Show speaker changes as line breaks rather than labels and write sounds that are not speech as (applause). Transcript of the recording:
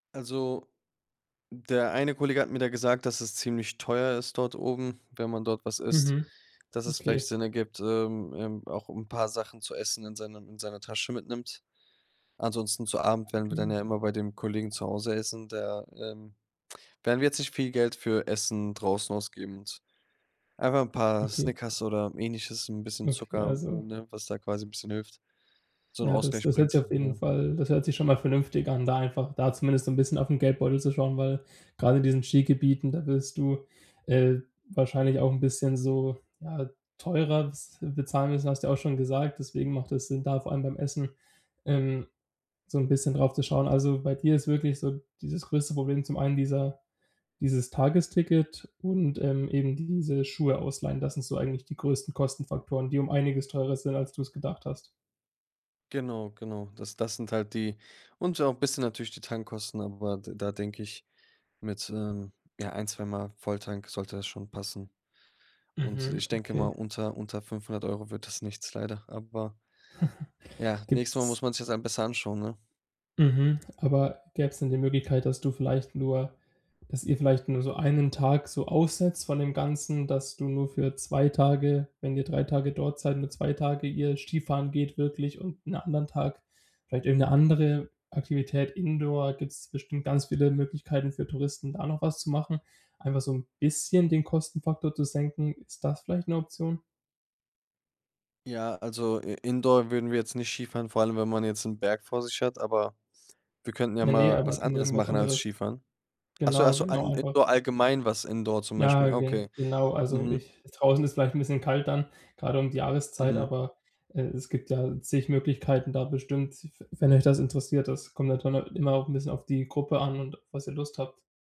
Also, der eine Kollege hat mir da gesagt, dass es ziemlich teuer ist dort oben, wenn man dort was isst,
Mhm.
dass es vielleicht
Okay.
Sinn ergibt, ähm ähm, auch 'n paar Sachen zu essen in seinem in seiner Tasche mitnimmt. Ansonsten, zu Abend, werden wir dann ja
Okay.
immer bei dem Kollegen zu Hause essen, der ähm, werden wir jetzt nicht viel Geld für Essen draußen ausgeben und einfach paar
Okay.
Snickers oder Ähnliches, 'n bisschen
Okay,
Zucker, äh,
also
ne, was da quasi 'n bisschen hilft, so 'n
Ja, das
Ausgleich
das hört sich
bringt,
auf jeden
ne?
Fall das hört sich schon mal vernünftig an, da einfach da zumindest so 'n bisschen auf 'n Geldbeutel zu schauen, weil, gerade in diesen Skigebieten, da wirst du, äh, wahrscheinlich auch 'n bisschen so, ja, teurer bes äh, bezahlen müssen, hast du ja auch schon gesagt, deswegen macht es Sinn, da vor allem beim Essen, ähm, so 'n bisschen drauf zu schauen. Also, bei dir ist wirklich so dieses größte Problem zum einen dieser dieses Tagesticket und, ähm, eben diese Schuhe ausleihen. Das sind so eigentlich die größten Kostenfaktoren, die um einiges teurer sind, als du es gedacht hast.
Genau genau. Das das sind halt die und ja auch bisschen natürlich die Tankkosten, aber d da denk ich, mit, ähm, ja, 1, 2 mal Volltank sollte das schon passen. Und,
Mhm.
ich denke mal,
Okay.
unter unter 500 € wird das nichts, leider. Aber
(chuckles)
ja, nächstes Mal
Gibt's
muss man sich es halt besser anschauen, ne?
Mhm, aber gäbe es denn die Möglichkeit, dass du vielleicht nur dass ihr vielleicht nur so 1 Tag so aussetzt von dem Ganzen, dass du nur für 2 Tage, wenn ihr 3 Tage dort seid, nur 2 Tage ihr Skifahren geht wirklich und 'n anderen Tag vielleicht irgend 'ne andere Aktivität Indoor gibt es bestimmt ganz viele Möglichkeiten für Touristen, da noch was zu machen, einfach so 'n bisschen den Kostenfaktor zu senken. Ist das vielleicht 'ne Option?
Ja, also I Indoor würden wir jetzt nicht Skifahren, vor allem, wenn man jetzt 'n Berg vor sich hat, aber wir könnten ja
Ja ne,
mal
aber
was
g
anderes
irgendwas
machen als
anderes.
Skifahren. Ach so ach
Genau,
so,
genau,
ein
einfach
Indoor allgemein was Indoor zum
Ja,
Beispiel.
ge
Okay.
genau, also
Mhm.
ich draußen ist vielleicht 'n bisschen kalt dann, gerade um die Jahreszeit,
Mhm.
aber, äh, es gibt ja zig Möglichkeiten da bestimmt, w wenn euch das interessiert, das kommt (unintelligible) immer auch 'n bisschen auf die Gruppe an und was ihr Lust habt.